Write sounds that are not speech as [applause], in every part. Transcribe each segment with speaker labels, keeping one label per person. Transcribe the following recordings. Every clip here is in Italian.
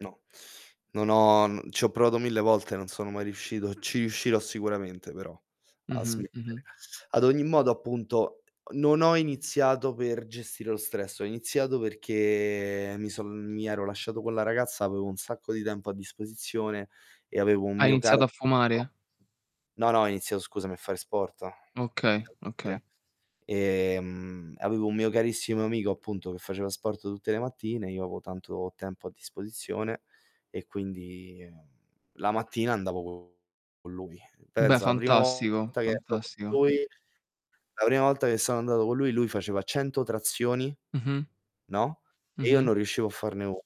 Speaker 1: No, [sucks teeth] non ho mhmm, ci ho provato mille volte, non sono mai riuscito. Ci riuscirò sicuramente però a
Speaker 2: Mh-mh,
Speaker 1: smettere.
Speaker 2: mh-mh.
Speaker 1: Ad ogni modo, appunto, non ho iniziato per gestire lo stress. Ho iniziato perché mi son mi ero lasciato con la ragazza, avevo un sacco di tempo a disposizione e avevo un
Speaker 2: Hai
Speaker 1: mio caro
Speaker 2: iniziato a
Speaker 1: amico
Speaker 2: fumare?
Speaker 1: no, no, ho iniziato scusami a fare sport.
Speaker 2: Okay,
Speaker 1: [unintelligible]
Speaker 2: okay.
Speaker 1: Ehm, avevo un mio carissimo amico, appunto, che faceva sport tutte le mattine, io avevo tanto tempo a disposizione e quindi la mattina andavo con lui.
Speaker 2: Beh,
Speaker 1: Pensa, la prima
Speaker 2: fantastico,
Speaker 1: volta che esco con
Speaker 2: fantastico.
Speaker 1: lui la prima volta che sono andato con lui, lui faceva 100 trazioni,
Speaker 2: Mh-mh.
Speaker 1: no, e io
Speaker 2: Mh-mh.
Speaker 1: non riuscivo a farne 1.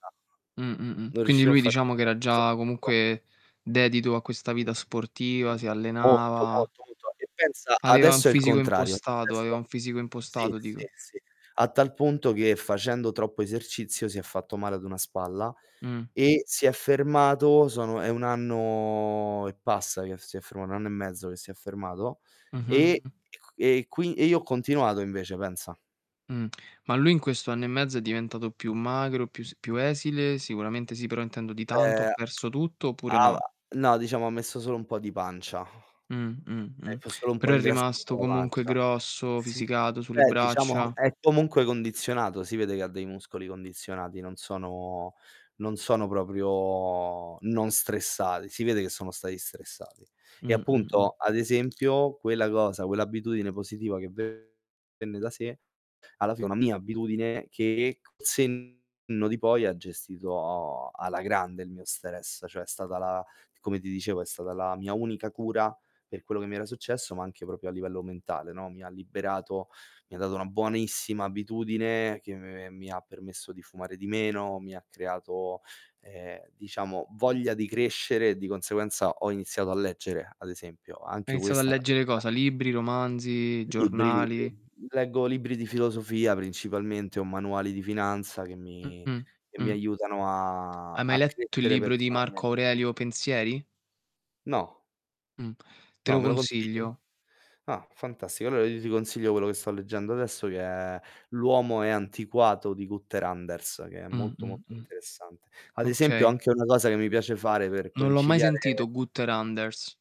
Speaker 2: Mh, mh, mh,
Speaker 1: Non
Speaker 2: quindi
Speaker 1: riuscivo a
Speaker 2: lui
Speaker 1: farne
Speaker 2: diciamo che
Speaker 1: 1
Speaker 2: era
Speaker 1: si
Speaker 2: già
Speaker 1: seguito.
Speaker 2: comunque dedito a questa vita sportiva, si
Speaker 1: Molto,
Speaker 2: allenava
Speaker 1: molto, molto. E pensa,
Speaker 2: aveva un
Speaker 1: adesso è il
Speaker 2: fisico
Speaker 1: contrario. Cioè,
Speaker 2: impostato, aveva
Speaker 1: adesso
Speaker 2: un fisico
Speaker 1: sì,
Speaker 2: impostato
Speaker 1: sì,
Speaker 2: dico.
Speaker 1: sì. A tal punto che facendo troppo esercizio si è fatto male ad una spalla
Speaker 2: Mh.
Speaker 1: e si è fermato, sono è 1 anno e passa che si è ferma 1 anno e mezzo che si è fermato. E
Speaker 2: Mh-mh.
Speaker 1: e c e qui e io ho continuato invece, pensa.
Speaker 2: Mh. Ma lui in questo anno e mezzo è diventato più magro, più s più esile? Sicuramente sì, però intendo di tanto, ha
Speaker 1: [unintelligible]
Speaker 2: perso tutto oppure
Speaker 1: ava
Speaker 2: no?
Speaker 1: no, diciamo ha messo solo un po' di pancia.
Speaker 2: Mh, mh,
Speaker 1: È
Speaker 2: mh.
Speaker 1: f solo un po'
Speaker 2: Però è
Speaker 1: ingrassato
Speaker 2: rimasto
Speaker 1: sulla
Speaker 2: comunque
Speaker 1: pancia.
Speaker 2: grosso,
Speaker 1: Sì,
Speaker 2: fisicato sulle
Speaker 1: beh, diciamo
Speaker 2: braccia.
Speaker 1: è comunque condizionato, si vede che ha dei muscoli condizionati, non sono non sono proprio non stressati, si vede che sono stati stressati. E
Speaker 2: Mh, mh, mh.
Speaker 1: appunto, ad esempio, quella cosa quell'abitudine positiva che venne da sé, alla fine una mia abitudine che col senno di poi ha gestito alla grande il mio stress. Cioè, è stata la come ti dicevo, è stata la mia unica cura per quello che mi era successo, ma anche proprio a livello mentale, no. Mi ha liberato, mi ha dato una buonissima abitudine che me mi ha permesso di fumare di meno, mi ha creato, ehm, diciamo voglia di crescere e di conseguenza ho iniziato a leggere, ad esempio.
Speaker 2: Hai
Speaker 1: Anche
Speaker 2: iniziato a
Speaker 1: questa è
Speaker 2: leggere
Speaker 1: un'attività
Speaker 2: cosa? Libri, romanzi,
Speaker 1: Libri, libri.
Speaker 2: giornali?
Speaker 1: Leggo libri di filosofia principalmente o manuali di finanza che mi
Speaker 2: Mh-mh,
Speaker 1: che mi
Speaker 2: mh.
Speaker 1: aiutano a
Speaker 2: Hai mai
Speaker 1: a
Speaker 2: letto il
Speaker 1: crescere
Speaker 2: libro di Marco
Speaker 1: personalmente.
Speaker 2: Aurelio, "Pensieri"?
Speaker 1: No.
Speaker 2: Mh. Te
Speaker 1: No,
Speaker 2: lo
Speaker 1: me lo consigli?
Speaker 2: consiglio.
Speaker 1: Ah, fantastico. Allora io ti consiglio quello che sto leggendo adesso che è "L'uomo è antiquato" di Günther Anders, che è
Speaker 2: Mh,
Speaker 1: molto,
Speaker 2: mh,
Speaker 1: molto
Speaker 2: mh.
Speaker 1: interessante. Ad esempio,
Speaker 2: Okay.
Speaker 1: anche una cosa che mi piace fare per
Speaker 2: Non l'ho mai
Speaker 1: conciliare
Speaker 2: sentito Günther Anders.